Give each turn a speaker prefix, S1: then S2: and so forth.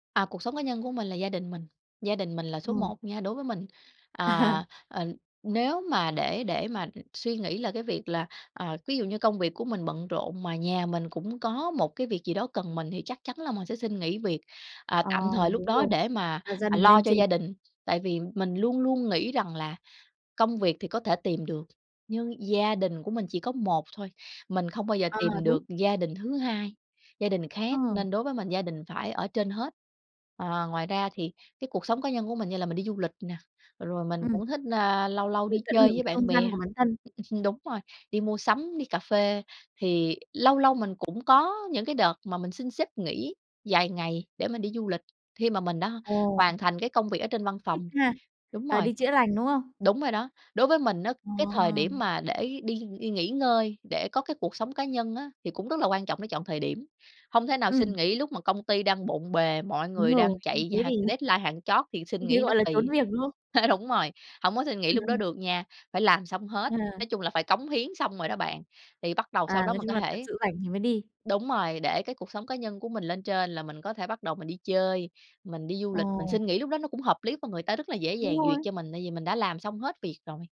S1: À, cuộc sống cá nhân của mình là gia đình mình. Gia đình mình là số
S2: Ừm.
S1: một nha đối với mình,
S2: À.
S1: à, ờ, nếu mà để để mà, ừm, để suy nghĩ là cái việc là, à, ví dụ như công việc của mình bận rộn, mà nhà mình cũng có một cái việc gì đó cần mình thì chắc chắn là mình sẽ xin nghỉ việc, à,
S2: À,
S1: tạm thời lúc
S2: đúng
S1: đó
S2: rồi,
S1: để mà,
S2: đặt gia
S1: à,
S2: đình
S1: lo
S2: lên
S1: cho
S2: trên.
S1: gia đình. Tại vì mình luôn luôn nghĩ rằng là công việc thì có thể tìm được, nhưng gia đình của mình chỉ có 1 thôi, mình không bao giờ
S2: À,
S1: tìm
S2: đúng.
S1: được gia đình thứ hai, gia đình khác
S2: Ờ.
S1: nên đối với mình gia đình phải ở trên hết. Ờ, ngoài ra thì cái cuộc sống cá nhân của mình như là mình đi du lịch nè, rồi mình
S2: Ừm.
S1: cũng thích, ơ, lâu lâu
S2: Được
S1: đi
S2: tận
S1: chơi
S2: hưởng
S1: với
S2: cái
S1: bạn
S2: không gian
S1: bè,
S2: của bản thân.
S1: đúng rồi, đi mua sắm, đi cà phê, thì lâu lâu mình cũng có những cái đợt mà mình xin sếp nghỉ dài ngày để mình đi du lịch khi mà mình đã
S2: Ồ.
S1: hoàn thành cái công việc ở trên văn
S2: Thích
S1: phòng.
S2: ha.
S1: Đúng
S2: Ờ,
S1: rồi,
S2: đi chữa lành, đúng không?
S1: đúng rồi đó, đối với mình á, cái thời điểm
S2: Wow!
S1: mà để đi đi nghỉ ngơi, để có cái cuộc sống cá nhân á thì cũng rất là quan trọng để chọn thời điểm. Hông thể nào xin
S2: Ừm.
S1: nghỉ lúc mà công ty đang bộn bề, mọi
S2: Đúng
S1: người
S2: rồi.
S1: đang
S2: Như
S1: chạy như
S2: thế
S1: h
S2: thì
S1: deadline hạng chót thì xin
S2: Như thế
S1: nghỉ nó
S2: gọi là trốn
S1: kỳ.
S2: việc, đúng không?
S1: Đúng rồi, hổng có xin nghỉ lúc đó
S2: [unintelligible]
S1: được nha, phải làm xong hết.
S2: À.
S1: Nói chung là phải cống hiến xong rồi đó bạn thì bắt đầu
S2: À,
S1: sau đó
S2: nói
S1: mình
S2: chung
S1: có
S2: là thật
S1: thể
S2: sự rảnh thì mới đi.
S1: đúng rồi, để cái cuộc sống cá nhân của mình lên trên là mình có thể bắt đầu mình đi chơi, mình đi du
S2: Ờ.
S1: lịch, mình xin nghỉ lúc đó nó cũng hợp lý và người ta rất là dễ dàng
S2: Đúng
S1: duyệt
S2: rồi.
S1: cho mình, tại vì mình đã làm xong hết việc rồi.